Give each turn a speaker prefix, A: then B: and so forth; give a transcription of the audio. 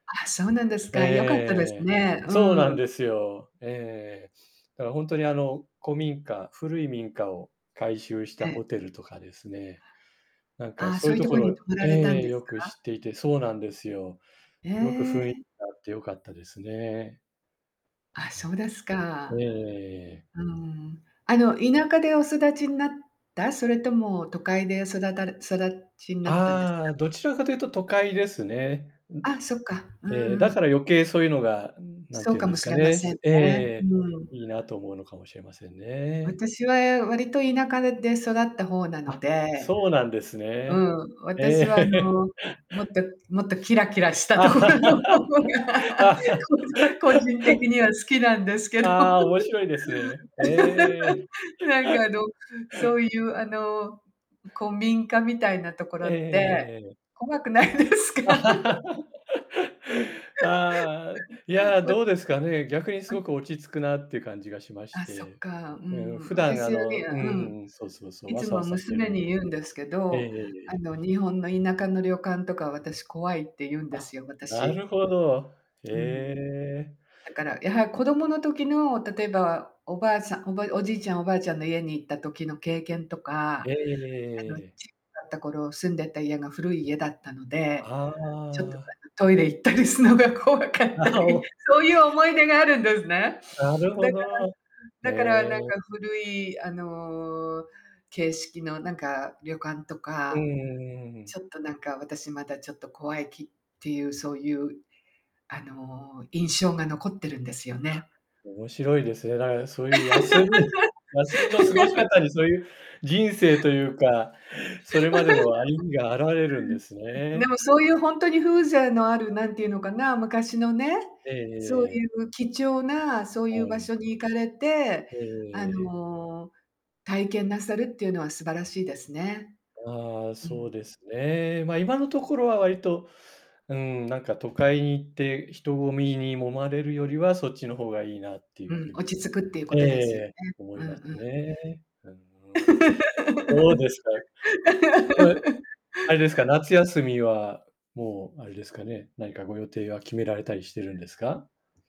A: あ、そうなんです
B: ええええ
A: か、良かったで
B: えええ
A: すね、
B: え。そう
A: う
B: なん
A: ん。
B: ですよ。ええええええ。だからほんとにあの、古民家、古い民家を改修した
A: ええ。
B: ホテルとかですね、なんか
A: ああ、
B: そう
A: そう
B: いう
A: いう
B: と
A: とこ
B: こ
A: に
B: ろ
A: 泊まら
B: ええ
A: れたん
B: ええ、
A: で
B: よ
A: す
B: く
A: か？
B: 知っていてそうなんですよ。
A: へ
B: すごくふいん
A: え。
B: があってよかったですね。
A: あ、そう
B: え
A: です
B: え。えええ
A: か。
B: えええええ。
A: うん。あの、田舎でお育ちんなった？それとも都会で育たれ育ちんなったんですか？
B: ああ、どちらかというと都会ですね。ん
A: あ、そっか。うん
B: ええ、
A: う
B: だか
A: ん。
B: ら余計そういうのが、うん、なん
A: そ
B: て
A: う
B: いう
A: か
B: んで
A: も
B: す
A: し
B: か
A: れま
B: ね、
A: せん
B: すええええ
A: ね、
B: ええ。
A: うん。
B: いいなと思うのかもしれませんね。
A: 私は、え、割と田舎でで育った方なの
B: あ、
A: で、
B: そうなんです
A: う
B: ね。
A: ん、
B: え
A: 私は、あ
B: え。
A: の、もっともっとキラキラし たところ
B: あ
A: の方が、こじ個人的には好きなんですけど。
B: あ、面白いですね。へえ。
A: なんかあ の、そういうあの、う古民家みたいなとこ
B: ええ
A: ろ
B: ええええ
A: って
B: ええええええ。
A: 怖くないですか？
B: ああ、い
A: うん、わ
B: や、
A: うん、
B: どうですかね、逆にす
A: は
B: ご
A: い。
B: く落ち着くなっていう感じがしまし
A: あ、そっ
B: て。
A: か。う
B: うんうん、
A: ん。
B: 普段
A: 私
B: あ
A: は
B: の、う
A: ねあ、
B: んう
A: うん。
B: んうん、そうそうそう、
A: い
B: わ
A: つ
B: さ
A: も
B: わさしてる
A: 娘
B: ん
A: に
B: で。
A: 言うんですけ
B: ええええ
A: ど、
B: え
A: あ
B: え。
A: の、日本の田舎の旅館とか私怖いって言うんで
B: あ、
A: すよ、
B: な
A: 私。
B: るほど。へ
A: うん。
B: え。
A: だから、やは子どもの時の、例えばおばあさおばおじいちゃん、おばあちゃんの家に行った時の経験と
B: え
A: か、
B: えええ
A: あの、
B: え
A: ち
B: えええ。
A: だった頃住んでた家が古い家だったので、
B: あ
A: ちょっと
B: あ。
A: なんかトイレ行ったりすのが怖かっ
B: あ、
A: た
B: は、
A: り、
B: お。
A: そういう思い出があるんですね。
B: なる
A: だ
B: ほ
A: か
B: ど。
A: らだから
B: へ
A: なん
B: え。
A: か古いあの、形式のなんか旅館と
B: うん
A: か、
B: うんうんうんうん。
A: ちょっとなんか私まだちょっと怖い気っていうそういう、あの、印象が残ってるんですよ
B: あ、
A: ね。
B: 面白いですね。だから、そういう休み休みの過ごし 方に、そういう人生というかそれまでの歩みが現れるんです
A: ふうん、ふん、でも、
B: ね。
A: そういうほんとに風情のある、何ていうのかな、昔のね、
B: えええ
A: そう
B: え
A: い
B: ええ。
A: う貴重なそうい
B: は
A: う場
B: い。
A: 所に行かれて、
B: えええ
A: あ
B: えええ。
A: の、体験なさるっていうのは素晴らしいですね。
B: ああ、
A: う
B: そ
A: ん。
B: うですね。ま、今のところは割と、うん、なんか都会に行って人混みに揉まれるよりはそっちの方がいいなってい
A: う
B: う
A: ん、
B: 風
A: 落
B: に
A: ち着くっていうこ
B: えええ
A: とで
B: え
A: すよ
B: ええ、
A: ね。
B: 思
A: うん
B: います
A: うん。
B: ね。あん、うん。どうですか。ここれ、あれですか、夏休みはもう、あれですかね、何かご予定は決められたりして
A: う
B: るん
A: ん。
B: ですか？